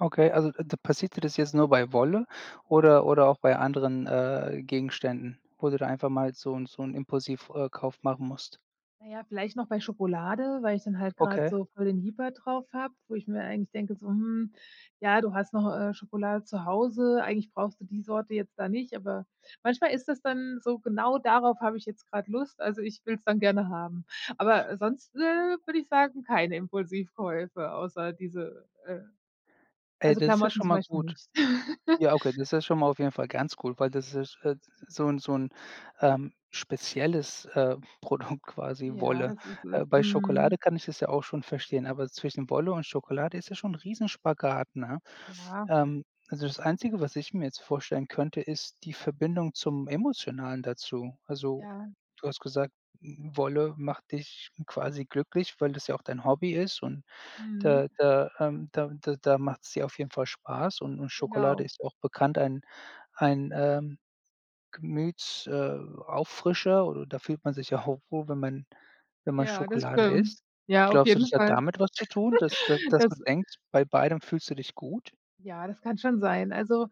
Okay, also d passiert dir das jetzt nur bei Wolle oder oder auch bei anderen, äh, Gegenständen, wo du da einfach mal so 'n so 'n Impulsiv äh, Kauf machen musst. Na ja, vielleicht noch bei Schokolade, weil ich dann halt gerade Okay. so voll den Jieper drauf habe, wo ich mir eigentlich denke, so: „Hm, ja, du hast noch, äh, Schokolade zu Hause, eigentlich brauchst du die Sorte jetzt da nicht“, aber manchmal ist das dann so: Genau darauf habe ich jetzt gerade Lust, also ich will's dann gerne haben. Aber sonst, äh, würde ich sagen, keine Impulsivkäufe außer diese äh, Äh, also, das ist ja Klamotten schon zum mal Beispiel gut. nicht. Ja, okay, das ist schon mal auf jeden Fall ganz gut, weil das [unintelligible] so 'n so 'n, ähm, spezielles, äh, Produkt quasi, Ja, Wolle. das ist es. Äh, bei Schokolade Mhm. kann ich es ja auch schon verstehen, aber zwischen Wolle und Schokolade ist es schon ein Riesen-Spagat, ne? Ja. Ähm, also, das Einzige, was ich mir jetzt vorstellen könnte, ist die Verbindung zum Emotionalen dazu. Also, Ja. du hast gesagt, W Wolle macht dich quasi glücklich, weil das ja auch dein Hobby ist und Mhm. da da, ähm da da da macht's dir auf jeden Fall Spaß und und Schokolade Genau. ist auch bekannt, ein ein, ähm, Gemüts äh, Auffrischer, oder da fühlt man sich ja auch wohl, wenn man wenn man Ja, das Schokolade stimmt. isst. Ja, auf Glaubst du, das jeden hat Fall. damit was zu tun, dass da dass du Das denkst, bei beidem fühlst du dich gut? Ja, das kann schon sein. Also,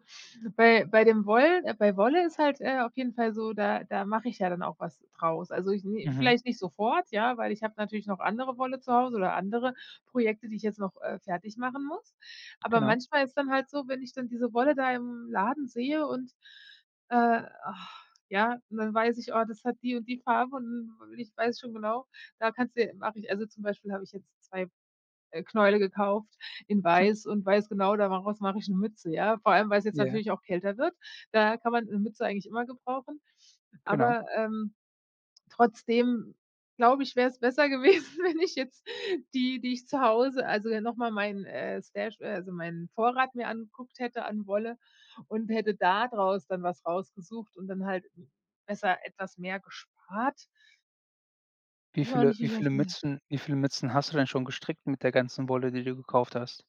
bei bei dem Wollen bei Wolle ist halt, äh, auf jeden Fall so, da da mache ich ja dann auch was draus. Also, ich nähe Mhm. vielleicht nicht sofort, ja, weil ich habe natürlich noch andere Wolle zu Hause oder andere Projekte, die ich jetzt noch, äh, fertig machen muss. Aber Genau. manchmal ist es dann halt so, wenn ich dann diese Wolle da im Laden sehe und, äh, ja, dann weiß ich: Oh, das hat die und die Farbe und ich weiß schon genau: Da kannst du mache ich also, zum Beispiel, habe ich jetzt 2, äh, Knäule gekauft in weiß und weiß genau, da mach raus mache ich 'ne Mütze, ja? Vor allem, weil es jetzt Ja. natürlich auch kälter wird, da kann man 'ne Mütze eigentlich immer gebrauchen. Genau. Aber, ähm, trotzdem, glaube ich, wäre es besser gewesen, wenn ich jetzt die, die ich zu Hause also, ja, noch mal meinen, äh, Stash äh, also meinen Vorrat mir angeguckt hätte, an Wolle und hätte da draus dann was rausgesucht und dann halt besser etwas mehr gespart. Wie Weiß auch viele nicht, wie wie ich auf viele diese Mützen wie viele Mützen hast du denn schon gestrickt mit der ganzen Wolle, die du gekauft hast?